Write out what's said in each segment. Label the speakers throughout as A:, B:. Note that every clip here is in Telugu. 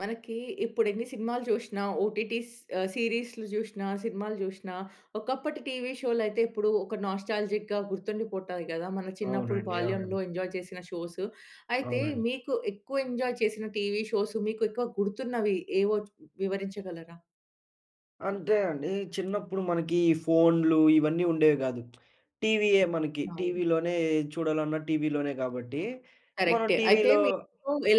A: మనకి ఇప్పుడు ఎన్ని సినిమాలు చూసినా, ఓటిటీస్ ఆహ్, సీరీస్‌లు చూసినా, సినిమాలు చూసినా ఒకప్పటి టీవీ షో‌లు అయితే ఇప్పుడు ఒక నాస్టాల్జిక్‌గా గుర్తుండిపోతాయి కదా! మన చిన్నప్పుడు
B: అవునండి. అవునండి.
A: బాల్యంలో ఎంజాయ్ చేసిన షోస్. అయితే
B: అవునండి.
A: మీకు ఎక్కువ ఎంజాయ్ చేసిన టీవీ షోస్ మీకు ఎక్కువ గుర్తున్నవి ఏవో వివరించగలరా?
B: అంటే అండి. చిన్నప్పుడు మనకి ఈ ఫోన్లు ఇవన్నీ ఉండేవి కాదు. టీవీయే మనకి.
A: అవు
B: టీవీలోనే చూడాలన్నా టీవీలోనే కాబట్టి మనం
A: కరెక్టే. అయితే
B: టీవీ‌లో
A: మీకు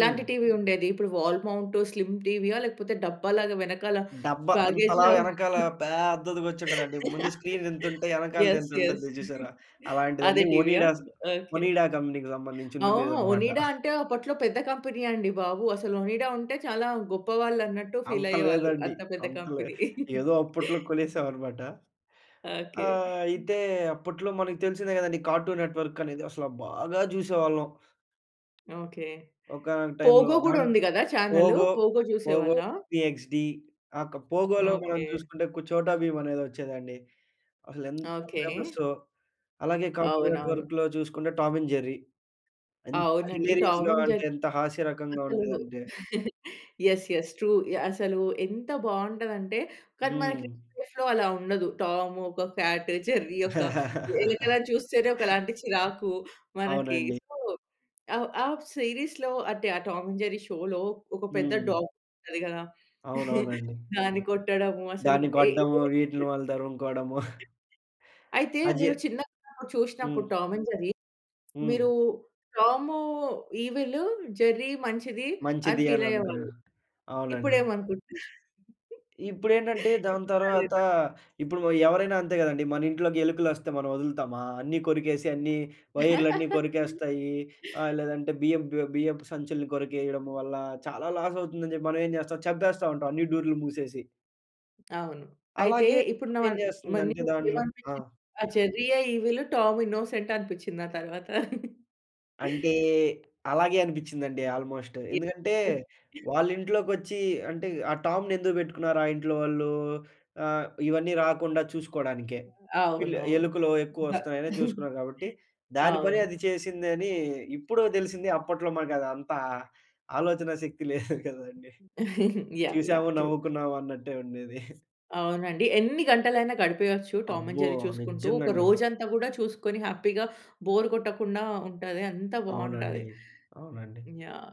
B: హ్మ్.
A: టీవీ ఉండేది? ఇప్పుడు వాల్ మౌంట్ స్లిమ్ టీవీ ఆ! లేకపోతే, డబ్బాలాగా వెనకాల
B: డబ్బా ఇంత
A: బ్యాగేజ్‌
B: లావు
A: లాగా!
B: వెనకాల పెద్దదిగా వచ్చి ఉంటదండి. ముందు స్క్రీన్ ఇంతుంటే వెనకాల
A: యెస్. యెస్.
B: ఇంతుంటది చూసారా?
A: అదే
B: అలాంటిదండి.
A: టీవీయా
B: ఒనిడా
A: ఓకే.
B: ఒనిడా కంపెనీ‌కి సంబంధించి
A: ఆ!
B: ఉండి ఉండేదన్నమాట.
A: ఒనిడా అంటే అప్పట్లో పెద్ద కంపెనీ అండి బాబు అసలు ఒనిడా ఉంటే చాలా గొప్పవాళ్ళు అన్నట్టు ఫీల్
B: అంత
A: అయ్యేవాళ్ళు.
B: లేదండి.
A: అంత పెద్ద
B: అంత లే
A: కంపెనీ.
B: ఏదో అప్పట్లో కొనేసామనమాట. ఆ!
A: ఓకే.
B: అయితే అప్పట్లో మనకు తెలిసిందే కదండీ కార్టూన్ నెట్వర్క్ అనేది అసలు బాగా చూసేవాళ్ళం.
A: ఓకే.
B: ఒకానొక టైమ్‌లో
A: పోగో కూడా
B: దాన్
A: ఉంది కదా చానలు.
B: పోగో,
A: పోగో
B: పోగో,
A: చూసేవాళ్ళ?
B: పీ-ఎక్స్‌-డి ఆహ్ క పోగో‌లో మనం
A: ఓకే.
B: చూసుకుంటే కు చోటా భీమ్ అనేది వచ్చేదండి. అసలు ఎంత
A: ఓకే.
B: ఫేమస్సో! అలాగే కార్టూన్
A: అవునవును.
B: నెట్వర్క్‌లో చూసుకుంటే 'టామ్ అండ్ జెర్రీ.' ఎంత
A: అవునండి. 'టామ్
B: హిలేరియస్‌గా
A: అండ్ జెర్రీ'
B: అంటే ఎంత హాస్యరకంగా
A: అసలు
B: ఉండేదంటే.
A: యెస్. యెస్. ట్రూ. యాహ్! అసలు ఎంత బాగుంటది అంటే కానీ
B: హ్మ్.
A: మనకి [unintelligible] లో అలా ఉండదు. టామ్ ఒక కాట్ జెర్రీ ఒక వెనకల చూస్తేనే ఒకలాంటి చిరాకు మనకి.
B: అవునండి.
A: సో, ఆహ్, ఆ సీరీస్‌లో అంటే ఆ 'టామ్ అండ్ జెర్రీ' షో‌లో ఒక పెద్ద
B: హ్మ్.
A: డాగ్ ఉంటది కదా!
B: అవునవునండి.
A: దాన్ని కొట్టడము అసలు.
B: దాన్ని కొట్టడము వీటిని
A: [unintelligible]
B: వాళ్ళు తరుముకోవడము.
A: అయితే
B: అజే
A: మీరు చిన్నప్పుడు
B: హ్మ్.
A: చూసినప్పుడు 'టామ్ అండ్ జెర్రీ'
B: హ్మ్.
A: మీరు టామ్ ఈవిల్ జెర్రీ మంచిది అని
B: మంచిది అని
A: ఫీల్
B: అనుకున్నా.
A: అయ్యేవాళ్ళు. ఇప్పుడు
B: అవునండి.
A: ఏమి అనుకుంటున్నారు?
B: ఇప్పుడేంటంటే, దాని
A: ఇప్పుడు కూడా
B: తర్వాత
A: అదేనా?
B: ఇప్పుడు ఎవరైనా అంతే కదండీ. మన ఇంట్లోకి ఎలుకలు వస్తే మనం వదులుతామా? అన్నీ కొరికేసి, అన్ని వైర్లన్నీ కొరికేస్తాయి. ఆహ్, లేదంటే బియ్యపు బియ్యపు బియ్యపు సంచులని కొరికేయడం వల్ల చాలా లాస్ అవుతుందని చెప్పి మనం ఏం చేస్తాం చంపేస్తా ఉంటాం. అన్ని డోర్‌లు మూసేసి.
A: అవును. అయితే
B: అలాగే
A: ఇప్పుడు‌‌ న
B: [unintelligible]
A: మరి
B: చేస్తుందంటే,
A: మీకు ఎం
B: దాంట్లో ఆ!
A: అనిపించి? ఆ జెర్రీ‌యే ఈవిలు టామ్ ఇన్నోసెంట్ అనిపించింది ఆ తరువాత.
B: అంటే! అలాగే అనిపించిందండి ఆల్మోస్ట్.
A: యే.
B: ఎందుకంటే, వాళ్ళ ఇంట్లోకొచ్చి అంటే, ఆ టామ్‌ని ఎందుకు పెట్టుకున్నారు ఆ ఇంట్లో వాళ్ళు? ఆహ్, ఇవన్నీ రాకుండా చూసుకోవడానికే. పిల్
A: అవునవును.
B: ఎలుకులో ఎక్కువ
A: భ
B: వస్తున్నాయని చూసుకున్నారు కాబట్టి, దాని పని
A: అవును.
B: అది చేసిందని అని ఇప్పుడో తెలిసింది. అప్పట్లో మనకు అంత ఆలోచనా శక్తి లేదు కదండీ.
A: యాహ్, యాహ్
B: చూసాము,
A: ట్రూ.
B: నవ్వుకున్నావు అన్నట్టే ఉండేది.
A: అవునండి. ఎన్ని గంటలైనా గడిపేయచ్చు టామ్ అండ్
B: అబ్బో!
A: జెర్రీ చూసుకుంటూ.
B: నిజంగా
A: ఒక
B: అండి.
A: రోజంతా కూడా చూసుకొని, హ్యాపీ‌గా బోర్ కొట్టకుండా ఉంటాది. అంత
B: అవునండి.
A: బావుంటది.
B: అవునండి.
A: యాహ్!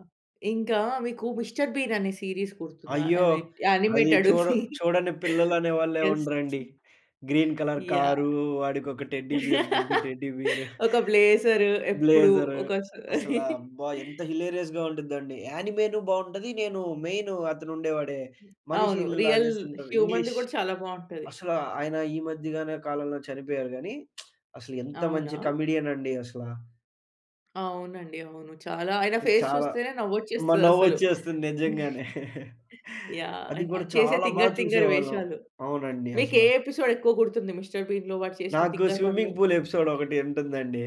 A: ఇంకా మీకు మిస్టర్ బీన్ అనే సీరీస్ గుర్తుందా!
B: అయ్యో!
A: అది
B: అది
A: యానిమేటెడు
B: చూడ
A: సి
B: చూడని పిల్లలు అనే వాళ్లే
A: యెస్
B: ఉండరండి. Green colour
A: yeah!
B: కారు, వాడికొక టెడ్డీ బియర్, బుడ్డి టెడ్డీ బియరు.
A: ఒక బ్లేజర్ ఎప్పుడు,
B: బ్లేజరు.
A: ఒక స
B: అసల అబ్బ! ఎంత హిలేరియస్‌గా ఉంటుందండి. యాణిమేటెడ్ బావుంటది. నేను మెయిను అతను ఉండేవాడే, మనిషి
A: అవును.
B: ఇలా
A: రియల్
B: చేస్తుంటారు,
A: హ్యూమన్‌ది
B: ఇంగ్లీష్.
A: కూడా చాలా బావుంటది.
B: అసల ఆయన ఈ మధ్యగనే కాలంలో చనిపోయారు. కానీ, అసలు ఎంత
A: అవునా?
B: మంచి కమెడియన్ అండి అసల.
A: అవునండి. అవును. చాలా ఆయన ఫేస్
B: చాలా.
A: చూస్తేనే
B: మా
A: నవ్వొచ్చేస్తదసలు.
B: నవ్వొచ్చేస్తుంది నిజంగానే.
A: యాహ్!
B: అది కూడా
A: ఆయన చేసే
B: చాలా బాగా
A: తింగర్ తింగరి
B: చూసేవాళ్ళం.
A: వేషాలు.
B: అవునండి
A: మీకు ఏ
B: అసల.
A: ఎపిసోడ్ ఎక్కువ గుర్తుంది మిస్టర్ బీన్‌లో, వాడు చేసిన
B: నాకు
A: తింగరి పనులు.
B: స్విమ్మింగ్ పూల్ ఎపిసోడ్ ఒకటి ఉంటుందండి.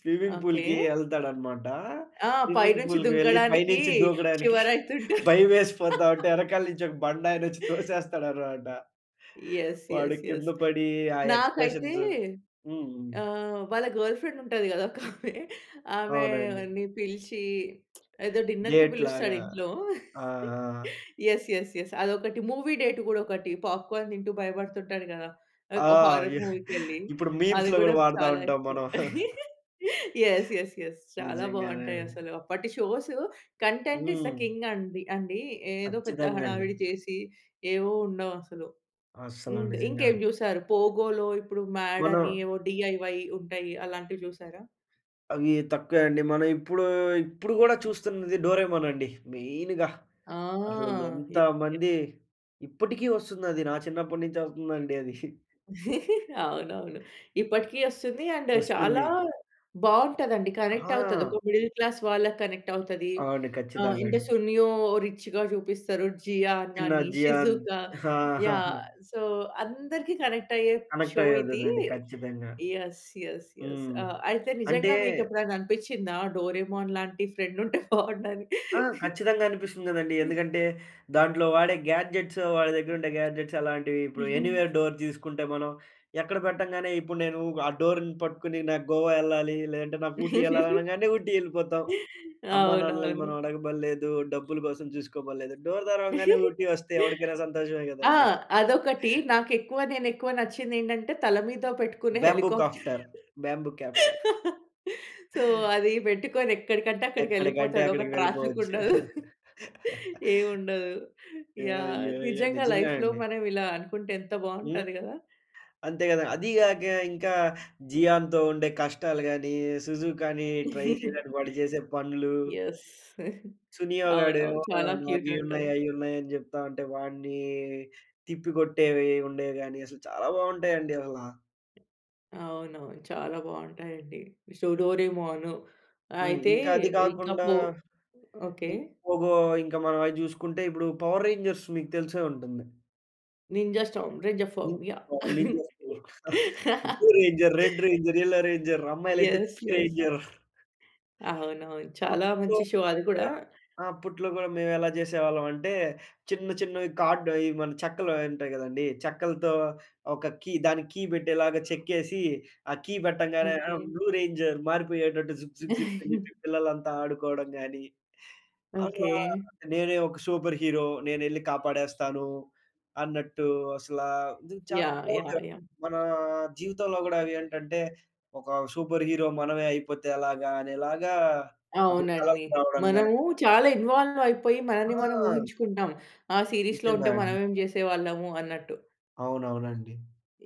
B: Swimming
A: okay.
B: పూల్‌కి వెళ్తాడనమాట.
A: ఆ!
B: స్విమ్మింగ్
A: పైనుంచి
B: పూల్‌కి వెళ్లి
A: దుంకడానికి
B: పైనుంచి దూకడానికి
A: షివరైతుంటా
B: భయమేసిపోతావుంటే, వెనకాల నుంచి ఒక బండ ఆయన వచ్చి తోసేస్తాడనమాట.
A: ఎస్.
B: వాడు
A: ఎస్.
B: కింద
A: ఎస్.
B: పడి ఆ
A: నాకైతే
B: ఎక్స్‌ప్రెషన్స్ హ్మ్.
A: ఆహ్, వాళ్ళ గర్ల్ ఫ్రెండ్ ఉంటది కదా! ఒకామే.
B: అవునండి.
A: ఆమెని పిలిచి ఏదో డిన్నర్‌కి
B: డేట్
A: పిలుస్తాడు
B: లాగా.
A: ఇంట్లో.
B: ఆ! ఆ!
A: ఎస్. ఎస్. ఎస్. అదొకటి మూవీ డేట్ కూడా ఒకటి. పాప్‌కోర్న్ తింటూ భయపడుతుంటాడు కదా!
B: ఆ!
A: హారర్ మూవీకి వెళ్లి.
B: ఇప్పుడు
A: అది
B: మీమ్స్‌లో
A: కూడా
B: కూడా వాడుతా
A: చాలా
B: ఉంటాం
A: ఎక్కువ.
B: మనం.
A: Yes yes yes. చాలా
B: నిజంగానే.
A: బాగుంటాయి అసలు. అప్పటి షోస్ కంటెంట్ ఇస్ థ
B: హ్మ్.
A: కింగ్ అండి అండి. ఏదో పెద్ద
B: కచ్చితంగా అండి.
A: హడావిడి చేసి, ఏవో ఉండవు అసలు.
B: అస్సల
A: హ్మ్.
B: నిజంగా.
A: ఇంకేం చూసారు? 'పోగోలో' ఇప్పుడు మ్యాడ్ అని.
B: మనం
A: ఏవో డిఐవై ఉంటాయి. అలాంటివి చూసారా?
B: అవి తక్కువే అండి. మనం ఇప్పుడు, ఇప్పుడు కూడా చూస్తున్నది 'డోరేమోన్' అండి. మెయిన్‌గా. అసలు
A: ఆహ్!
B: ఎంతమంది ఇప్పటికి వస్తుంది. అది నా చిన్నప్పటినుంచే వస్తుందండి అది.
A: అవునవును. ఇప్పటికి వస్తుంది. అండ్ చాలా
B: వస్తుంది.
A: బాగుంటది అండి. కనెక్ట్ అవుతది.
B: ఆహ్!
A: ఒక మిడిల్ క్లాస్ వాళ్ళకి కనెక్ట్ అవుతది.
B: అవును.
A: ఆ!
B: ఖచ్చితంగా
A: ఇంటి
B: అండి.
A: సునియో రిచ్‌గా చూపిస్తారు. జియాన్
B: చిన్న
A: గాని,
B: జియాన్.
A: షిజుకా,
B: హా హా హా.
A: యాహ్! సో, అందరికి కనెక్ట్ అయ్యే
B: కనెక్ట్
A: షో ఇది.
B: అయ్యేదదండి. ఖచ్చితంగా.
A: ఎస్. ఎస్. ఎస్.
B: హ్మ్.
A: ఆ! అయితే
B: అంటే
A: నిజంగా మీకు ఎప్పుడైనా అనిపించిందా? డోరేమోన్ లాంటి ఫ్రెండుంటే బాగుండని?
B: ఆ! ఖచ్చితంగా అనిపిస్తుంది కదండీ. ఎందుకంటే దాంట్లో వాడే గ్యాడ్జెట్స్, వాడి దగ్గర ఉండే గ్యాడ్జెట్స్ అలాంటివి, ఇప్పుడు
A: హ్మ్.
B: ఎనీవేర్ డోర్ తీసుకుంటే మనం. ఎక్కడ పెట్టంగానే ఇప్పుడు నేను ఆ డోర్‌ని పట్టుకుని నాకు గోవా వెళ్ళాలి, లేదంటే నాకు ఊటీ వెళ్ళాలి అనగానే, ఊటీ వెళ్ళిపోతాం. అమ్మా-నాన్నని
A: అవునవును.
B: మనం అడగబడలేదు, డబ్బుల కోసం చూసుకోబడలేదు, డోర్ తెరవంగానే ఊటీ వస్తే ఎవడికైనా సంతోషమే
A: ఆ!
B: కదండీ.
A: అదొకటి. నాకు ఎక్కువ నేను ఎక్కువ నచ్చింది ఏంటంటే తల మీద పెట్టుకునే
B: bamboo
A: helicopter.
B: Copter, bamboo copter.
A: So, అది పెట్టుకొని ఎక్కడికంటే
B: ఎక్కడికంటే
A: అక్కడికెళ్ళిపోతాడు. ఒక
B: అక్కడికి
A: ట్రాఫిక్
B: వెళ్ళిపోవచ్చు.
A: ఉండదు. ఏవుండదు.
B: యో
A: యాహ్!
B: యో
A: నిజంగా
B: నిజంగా
A: లైఫ్‌లో
B: అండి.
A: మనం ఇలా అనుకుంటే ఎంత
B: హ్మ్.
A: బాగుంటది కదా!
B: అంతే కదా! అది కాక ఇంకా జియాన్‌తో ఉండే కష్టాలు గాని, సుజుగాని ట్రై చేయడానికి వాడు చేసే పనులు
A: ఎస్.
B: సునియా
A: అవునవును.
B: గాడేమో
A: చాలా
B: నాకు
A: క్యూట్‌
B: ఇవి ఉన్నాయి,
A: ఉంటది.
B: అవి ఉన్నాయి అని చెప్తా ఉంటే వాడిని తిప్పికొట్టేవి ఉండేవి గాని, అసలు చాలా బాగుంటాయండి అసలా.
A: అవునవును. చాలా బాగుంటాయండి. So 'Doraemon.'
B: హ్మ్.
A: అయితే
B: ఇంకా అది
A: ఇంకా
B: గాకుండా
A: పో ఓకే.
B: ఇంక పోగో. ఇంకా మనం అది చూసుకుంటే ఇప్పుడు 'పవర్ రేంజర్స్' మీకు తెలిసే ఉంటుంది.
A: Ninja storm. Ranger
B: [unintelligible]
A: form. Yeah!
B: Blue ranger, red ranger, yellow ranger అమ్మాయిలు అయితే
A: యెస్.
B: Pink
A: yes.
B: రేంజర్.
A: అవునవును. చాలా
B: అప్పట్లో
A: మంచి
B: గూడ
A: షో అది గుడా.
B: ఆ! అప్పట్లో గూడా మేము ఎలా చేసేవాళ్ళం అంటే చిన్న చిన్నవి కార్డ్ ఇవి మన చెక్కలు ఉంటాయి కదండీ. చెక్కలతో ఒక కీ. దానికి కీ పెట్టేలాగా చెక్కేసి. ఆ కీ పెట్టంగానే ఆహ్,
A: ఓకే.
B: బ్లూ రేంజర్ మారిపోయేటట్టు జుక్ జుక్ జుక్ అని చెప్పి పిల్లలంతా ఆడుకోవడం గాని. "అమ్మా!
A: ఓకే.
B: నేనే ఒక సూపర్ హీరో. నేనెళ్లి కాపాడేస్తాను" అన్నట్టు అసలా నిజంగా చాలా
A: యాహ్! యాహ్!
B: పూర్‌గా.
A: యాహ్!
B: మన జీవితంలో గూడా అవి ఏంటంటే ఒక సూపర్ హీరో మనమే అయిపోతే ఎలాగా అనేలాగా అప్పుడు కలలు
A: అవునండి.
B: గనటం గాని.
A: మనము చాలా ఇన్వాల్వ్ అయిపోయి మనల్ని మనం
B: ఆ!
A: ఊహించుకుంటాం. ఆ సీరీస్‌లో
B: నిజంగా
A: ఉంటే
B: అండీ.
A: మనమేం చేసేవాళ్ళము అన్నట్టు.
B: అవునవునండి.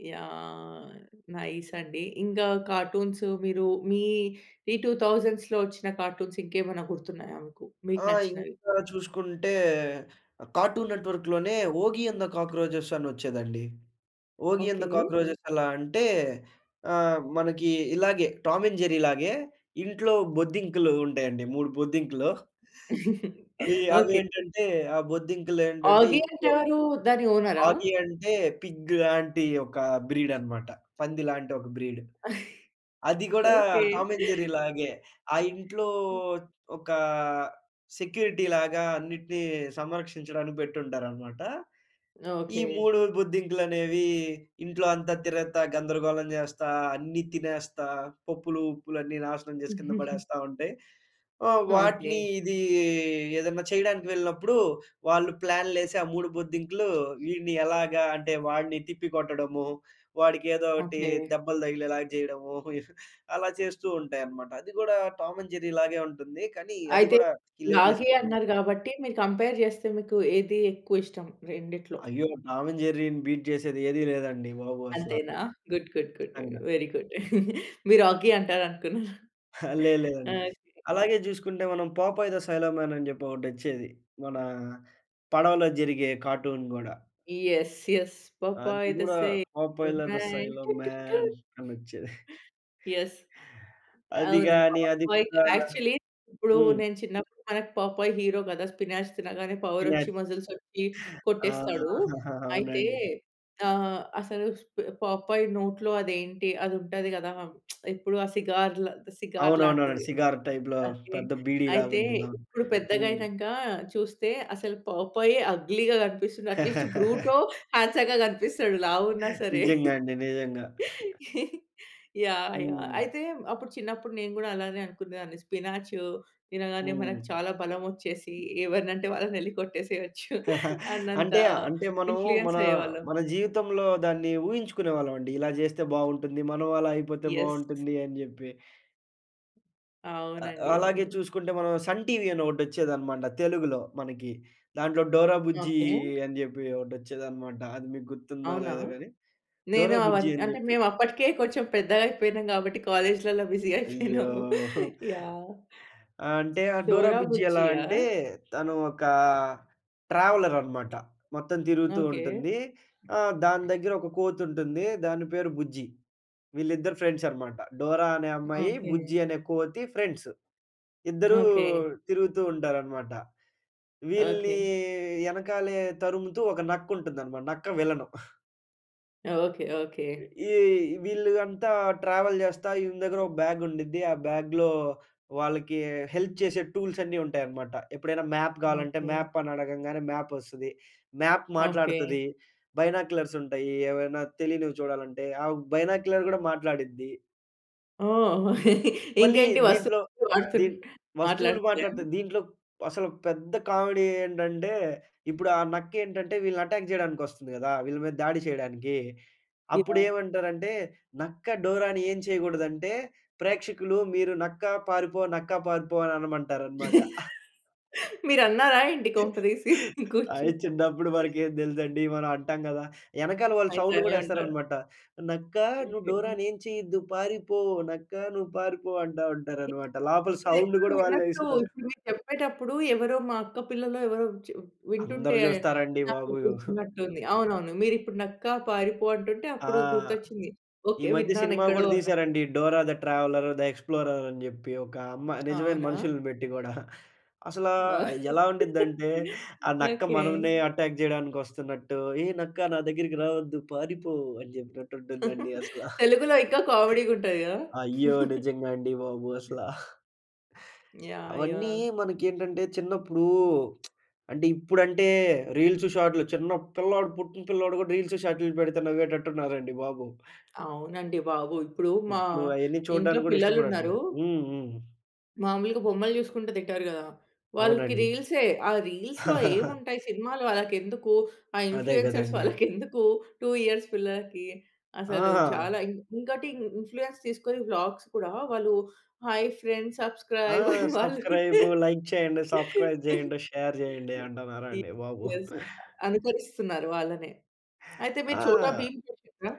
A: యాహ్! నైస్ అండి. ఇంకా కార్టూన్స్ మీరు మీ ఈ 2000స్ ఒచ్చిన కార్టూన్స్ ఇంకేమైనా గుర్తున్నాయా మీకు? మీకు
B: ఆ!
A: నచ్చినవి.
B: ఇంకా చూసుకుంటే కార్టూన్ నెట్వర్క్‌లోనే 'ఓగి అండ్ ద కాక్రోజెస్' అని ఒచ్చేదండి. 'Oggy and
A: okay.
B: The cockroaches' ఎలా అంటే ఆహ్, మనకి ఇలాగే 'టామ్ అండ్ జెర్రీ‌లాగే.' ఇంట్లో బొద్దింకలు ఉంటాయండి. మూడు బొద్దింకలు. అవి అవి
A: ఓకే.
B: ఏంటంటే ఆ బొద్దింకలేంటంటే
A: ఆగి అంటే
B: ఇంట్లో
A: ఎవరు? దాని ఓనరా?
B: ఆగి అంటే పిగ్ లాంటి ఒక బ్రీడ్ అన్నమాట. పంది లాంటి ఒక బ్రీడ్. అది గూడా
A: ఓకే.
B: 'Tom and జెర్రీ‌లాగే.' ఆ ఇంట్లో ఒక సెక్యూరిటీలాగా అన్నిటిని సంరక్షించడానికి పెట్టి ఉంటారన్నమాట. ఈ
A: ఓకే.
B: మూడు బొద్దింకలనేవి ఇంట్లో అంతా తిరుగుతా, గందరగోళం జేస్తా, అన్ని తినేస్తా, పప్పులు, ఉప్పులు అన్నీ నాశనం చేసి కింద పడేస్తా ఉంటాయి. ఆహ్, వాటిని
A: ఓకే.
B: ఇది ఏదైనా చేయడానికి వెళ్ళినప్పుడు వాళ్ళు ప్లాన్‌లెసి ఆ మూడు బొద్దింకలు ఇడ్ని ఎలాగా అంటే వాడిని తిప్పి కొట్టడము, వాడికేదో ఒకటి
A: ఓకే.
B: దెబ్బలు తగిలేలాగా చేయడము. అలా చేస్తూ ఉంటాయన్నమాట. అది గూడా 'టామ్ అండ్ జెర్రీ‌లాగే' ఉంటుంది. కానీ అది
A: అయితే
B: కూడా
A: లాగి
B: హిలేరియస్‌గా ఉం
A: అన్నారు గాబట్టి. మీరు కంపేర్ జెస్తే మీకు ఏది ఎక్కువ ఇష్టం? రెండిట్లో.
B: అయ్యో! 'టామ్ అండ్ జెర్రీ‌ని' బీట్ చేసేది ఏది లేదండి బాబు అసల.
A: అంతేనా. గుడ్. గుడ్. గుడ్.
B: అవునండి.
A: Very good. మీరు ఆగీ అంటారనుకున్నాను.
B: లే లేదండి.
A: ఓకే.
B: అలాగే చూసుకుంటే మనం 'పోపాయ్ ది సేలర్ మాన్' అని చెప్పి ఒకటొచ్చేది. మన పడవలో జరిగే కార్టూన్ గూడా.
A: యెస్. యెస్. పాప్
B: అది
A: ఐయ్‌ల ద
B: కూడా
A: సైల
B: 'పోపాయ్‌లర్ ది
A: మాన్యా. టు
B: సేలర్
A: టు టు.
B: మాన్' అనొచ్చేది.
A: యెస్.
B: అది
A: అవును.
B: గాని అది
A: పాపాయ్
B: కా
A: యాక్చువల్లీ. ఇప్పుడు
B: హ్మ్.
A: నేను చిన్నప్పుడు మనకు పాపాయి హీరో గదా! స్పినాచ్ తినగానే పవర్ ఒచ్చి
B: ఇమాజ్.
A: మసిల్స్ ఒచ్చి
B: ఆ!
A: కొట్టేస్తాడు. అయితే
B: అవునండి.
A: ఆహ్, అసలు పాపాయి నోట్లో అదేంటి అదుంటది గదా! ఇప్పుడు ఆ సిగార్‌ల సిగార్
B: అవునవునండి.
A: లాంటిది.
B: సిగార్ టైప్‌లో
A: అయితే
B: పెద్ద బీడీలాగా
A: అయితే
B: ఉంటుంది. అవును.
A: ఇప్పుడు పెద్దగా
B: హ్మ్.
A: అయినంక చూస్తే అసలు పాపయ్ అగ్లీ‌‌గా కనిపిస్తుంది. అట్లీస్ట్ బ్రూటొ హాండ్సమ్‌గా కనిపిస్తాడు లావున్నా సరే.
B: నిజంగా అండి. నిజంగా.
A: యాహ్! యాహ్!
B: హ్మ్.
A: అయితే అప్పుడు చిన్నప్పుడు నేను గూడా అలానే అనుకునేదాన్ని. స్పినాచు తినగానే
B: హ్మ్.
A: మనకు చాలా బలం ఒచ్చేసి ఎవరిని అంటే వాళ్ళని ఎలికొట్టేసేయచ్చు అన్నంత
B: అంటే అంటే మనము మన
A: ఇన్ఫ్లుయెన్స్ అయ్యేవాళ్ళం.
B: మన జీవితంలో దాన్ని ఊహించుకునేవాళ్ళమండి. ఇలా జెస్తే బాగుంటుంది. మనం అలా అయిపోతే
A: యెస్.
B: బాగుంటుంది అని జెప్పి. ఆ!
A: అవునండి.
B: అలాగే
A: అవును.
B: చూసుకుంటే మనం సన్ టీవీ అని ఒకటి వచ్చేదనమాట. తెలుగులో మనకి. దాంట్లో డోరా బుజ్జీ
A: ఓకే.
B: అని చెప్పి ఒకటి వచ్చేదనమాట. అది మీకు గుర్తుందో
A: అవునా?
B: లేదో గాని.
A: నేను
B: డోరా
A: అవ్వన
B: బుజ్జి అని
A: అంటే
B: చెప్పి.
A: మేము అప్పటికే కొంచెం పెద్దగా అయిపోయినాం. కాబట్టి కాలేజ్‌లలో బిజీ అయిపోయినాము.
B: అయ్యోహో!
A: యాహ్!
B: ఆ! అంటే ఆ డోరా
A: డోరా
B: బుజ్జి ఎలా
A: బుజ్జియా?
B: అంటే తను ఒకా ట్రావెలర్ అనమాట. మొత్తం తిరుగుతూ
A: ఓకే.
B: ఉంటుంది. ఆహ్, దాని దగ్గర ఒక కోతి ఉంటుంది. దాని పేరు బుజ్జి. వీళ్ళిద్దరు ఫ్రెండ్స్ అనమాట. డోరా అనే అమ్మాయి,
A: ఓకే.
B: బుజ్జి అనే కోతి ఫ్రెండ్స్. ఇద్దరూ
A: ఓకే.
B: తిరుగుతూ ఉంటారనమాట. విల్నీ
A: ఓకె.
B: ఎనకాలే తరుముతూ ఒక నక్క ఉంటుందనమాట నక్క విల‌ను.
A: ఓకే. ఓకే.
B: ఈ ఈ వీళ్ళూ అంతా ట్రావెల్ చేస్తా ఈయన దగ్గర ఒక బ్యాగ్ ఉండిద్ది. ఆ బ్యాగ్‌లో వాళ్ళకీ హెల్ప్ చేసే టూల్స్ అన్నీ ఉంటాయనమాట. ఎప్పుడైనా మ్యాప్ కావాలంటే
A: ఓకే.
B: మ్యాప్ అని అడగంగానే మ్యాప్ వస్తది. మ్యాప్ మాట్లాడతది.
A: ఓకే.
B: బైనాక్యులర్స్ ఉంటాయి. ఏమైనా తెలీనివి చూడాలంటే. ఆ బైనాక్యులర్ కూడా మాట్లాడిద్ది.
A: ఓహ్!
B: మళ్ళీ
A: ఇంకేంటి
B: దీంట్లో
A: వస్తువులు
B: దీన్
A: [unintelligible]
B: వస్తువులు
A: మాట్లాడతయా?
B: మాట్లాడితే దీంట్లో అసలు పెద్ద కామెడీ ఏంటంటే, ఇప్పుడు ఆ నక్క ఏంటంటే వీళ్ళని అటాక్ చేయడానికి వస్తుంది గదా! వీళ్ళ మీద దాడి చేయడానికీ.
A: వి
B: అప్పుడు
A: యహ్!
B: ఏమంటారంటే నక్క డోరాని ఏం చేయకూడదంటే ప్రేక్షకులు మీరు నక్కా పారిపో, నక్కా పారిపో అని అనమంటారనమాట. హా!
A: మీరున్నారా ఏంటి కొంప తీసి? కూర్చో
B: అయి చిన్నప్పుడు మనకు ఏమి తెలుసండి. మనం అంటాం గదా! ఎనకాల వాళ్ళు
A: అయితే
B: సౌండ్
A: అనే
B: కూడా
A: ఉంటా.
B: ఏస్తారనమాట. నక్క నువ్వు
A: ఓకే.
B: డోరాని ఏం చేయొద్దు పారిపో. నక్క నువ్వు పారిపో అంటా ఉంటారు అనమాట. లోపల
A: ఇది
B: సౌండ్
A: ఎక్కడో
B: గూడా వాళ్ళే
A: విన్నట్టూ
B: ఇస్తారు.
A: ఇప్పుడు మీరు చెప్పేటప్పుడు ఎవరో మా అక్క పిల్లలు ఎవరో వచ్చి
B: అందరు
A: వింటుంటే
B: చూస్తారండి
A: నాకు
B: బాబు. ఉహూ.
A: గుర్తున్నట్టుంది. అవునవును. మీరు ఇప్పుడు నక్క పారిపో అంటుంటే
B: ఆ!
A: అప్పుడు గుర్తొచ్చింది.
B: ఈ
A: ఓకే.
B: మధ్య
A: విన్నాను
B: సినిమా
A: ఎక్కడో
B: గూడా
A: అన్నట్టు.
B: తీశారండి. Dora the traveller the explorer అని చెప్పి ఒక అమ్మా నిజమైన
A: అవునా?
B: మనుషుల్ని బెట్టి గూడా. అసలా ఎలా ఉండి‌దంటే ఆ నక్క
A: ఓకే.
B: మనల్నే అటాక్ చేయడానికి వస్తునట్టు ఏ నక్క నా దగ్గరికి రావొద్దు పారిపో అని చెప్పినట్టు ఉంటుందండి. అసలా
A: తెలుగులో ఇంకా కామెడీ‌గా ఉంటాది గదా!
B: అయ్యో! నిజంగా అండి బాబు అసలా.
A: యాహ్!
B: అవన్నీ
A: యాహ్!
B: మనకి ఏంటంటే చిన్నప్పుడూ అంటే ఇప్పుడంటే రీల్స్, షాట్‌లు చిన్న పిల్లోడు పుట్టిన పిల్లోడు కూడా రీల్స్, షాట్‌లు పెడితే నవ్వేటట్టు ఉన్నారండి బాబు.
A: అవునండి బాబు. ఇప్పుడు మా
B: ఇప్పుడు అయన్నీ
A: ఇంట్లో
B: చూడ్డానికి కూడా
A: పిల్లలున్నారు.
B: ఇష్టపడట్లేదు. హ్మ్. హ్మ్.
A: మాములుగా బొమ్మలు చూసుకుంట తింటారు కదా! వాళ్ళకి
B: అవునండి.
A: రీల్సే ఆ రీల్స్‌లో ఏముంటాయి సినిమాలు వాళ్ళకి ఎందుకు? ఆ
B: అదే
A: ఇన్‌ఫ్లూయెన్సర్స్
B: కదండీ!
A: వాళ్ళకి ఎందుకు 2 ఇయర్స్ పిల్లలకి? అసలు చాలా
B: ఆ!
A: ఇం ఇంకోటి ఇన్‌ఫ్లూయెన్స్ తీసుకొని వ్లాగ్స్ కూడా వాళ్ళు హాయ్ ఫ్రెండ్స్
B: ఆ!
A: సబ్‌స్క్రయిబ్ అని వాళ్ళు
B: సబ్‌స్క్రయిబు, లైక్ చేయండి. సబ్‌స్క్రయిబ్ చేయండి. షేర్ చేయండి అంటున్నారండి బాబు.
A: [unintelligible] అనుకరిస్తున్నారు వాళ్ళనే. అయితే మీరు చోటా
B: ఆ!
A: భీమ్ చూసిండ్రా?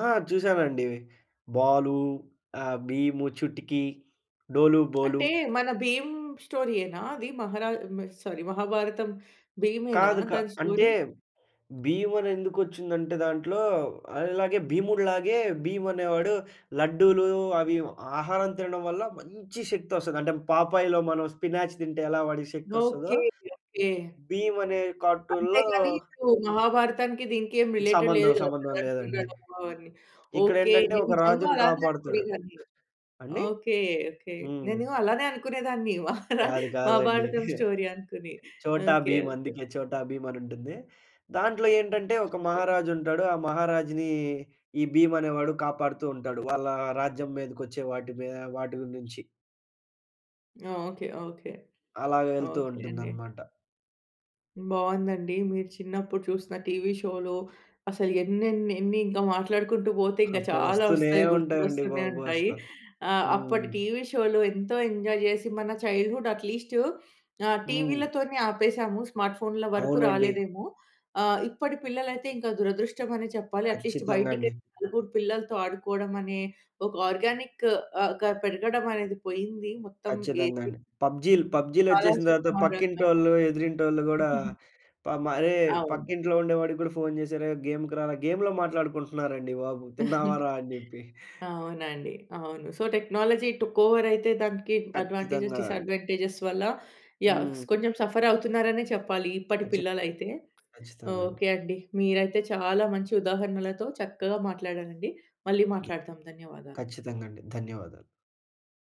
B: ఆ! చూసానండి. బాలు ఆహ్, బీము, చుటికీ, డోలు బోలు.
A: అంటే మన భీమ్ స్టోరీ యేనా అది మహరాజ్ హ్మ్, సారీ మహాభారతం భీమేనా
B: కాదు క
A: దాని
B: అంటే
A: స్టోరీ
B: భీమ్ అని ఎందుకు వచ్చిందంటే దాంట్లో అల్లాగే భీముడులాగే భీమ్ అనేవాడు లడ్డూలు అవి ఇ ఆహారం తినడం వల్ల మంచి శక్తి వస్తది. అంటే పాపాయ్‌లో మనం స్పినాచ్ తింటే ఎలా వాడికి శక్తి వస్తాదో,
A: ఓకే, ఓకే!
B: భీమ్ అనే
A: అంతే
B: కార్టూన్‌లో
A: గాని ఇప్పుడు మహాభారతానికి దీనికి ఏం రిలేటెడ్
B: సంబంధం,
A: లేదు
B: సంబంధం
A: కదా!.
B: లేదండి.
A: [unintelligible]
B: ఇక్కడ
A: ఒకే
B: ఏంటంటే
A: నేను
B: ఒక
A: నిజంగా
B: రాజుని
A: అలానే
B: కాపాడుతాడు.
A: అనుకునేదాన్ని.
B: అండి?
A: Okay, okay!
B: హ్మ్.
A: నేను అలానే అనుకునేదాన్ని మహారా
B: కాదు కాదండి.
A: మహాభారతం స్టోరీ అనుకుని
B: చోటా
A: ఓకే,
B: భీమ్
A: ఓకే.
B: అందుకే చోటా భీమ్ అని ఉంటుంది. దాంట్లో ఏంటంటే ఒక
A: [unintelligible]
B: మహారాజు ఉంటాడు. ఆ మహారాజుని ఈ భీమ్ అనేవాడు కాపాడుతూ ఉంటాడు. వాళ్ళా రాజ్యం మీదకి వచ్చే వాటి మీ వాటి నుంచి.
A: ఓకే, ఓకే,
B: అలా వెళ్తూ
A: ఓకే అండి.
B: ఉంటుందన్నమాట.
A: బావుందండి. మీరు చిన్నప్పుడు చూసిన టీవీ షోలు అసలు ఎన్నెన్నెన్ని ఇంకా మాట్లాడుకుంటూ పోతే ఇంకా
B: అబ్బో!
A: చాలా
B: వస్తూనే
A: వస్తాయి
B: ఉంటాయండి
A: గుర్తుకొస్తూనే
B: బాబు అసల.
A: ఉంటాయి. ఆహ్, అప్పటి
B: హ్మ్.
A: టీవీ షోలు ఎంతో ఎంజాయ్ చేసి మన చైల్డ్‌హుడ్ అట్‌లీస్ట్ ఆ!
B: హ్మ్.
A: టీవీలతోనే ఆపేసాము స్మార్ట్ ఫోన్‌ల వరకు
B: అవునండి.
A: రాలేదేమో! ఆహ్, ఇప్పటి పిల్లలయితే ఇంకా దురదృష్టం అనే చెప్పాలి అట్‌లీస్ట్
B: ఖచ్చితంగా
A: బయటికి
B: అండి.
A: [unintelligible] నలుగురు పిల్లలతో ఆడుకోవడం అనే ఒక ఆర్గానిక్ ఆహ్, గా పెరగడం అనేది పోయింది. మొత్తం
B: ఖచ్చితంగా
A: ఏసీ
B: అండి. పబ్జీలు, పబ్జీలు
A: చాలా
B: వచ్చేసిన తర్వాత
A: సుకుమారంగా.
B: పక్కింటోళ్ళు ఎదురింటోళ్ళు కూడా ప అరే!
A: అవును.
B: పక్కింట్లో ఉండేవాడికి కూడా ఫోన్ చేసి అరే! గేమ్‌కి రారా గేమ్‌లో మాట్లాడుకుంటున్నారండి బాబు! తిన్నావారా అని చెప్పి.
A: ఆ! అవునండి. అవును. సో టెక్నాలజీ టుక్ ఓవర్ అయితే దానికి అడ్వాంటేజేస్
B: ఖచ్చితంగా అండి.
A: డిస్అడ్వాంటేజేస్ వల్ల యాహ్,
B: హ్మ్.
A: కొంచెం సఫర్ అవుతున్నారనే చెప్పాలి ఇప్పటి
B: ఖచ్
A: పిల్లలు అయితే!
B: ఖచ్చితంగా అండి.
A: ఓకే అండి. మీరైతే చాలా మంచి ఉదాహరణలతో చక్కగా మాట్లాడారండి. మళ్ళి
B: ద
A: మాట్లాడుదాం ధన్యవాదాలు.
B: ఖచ్చితంగా అండి. ధన్యవాదాలు.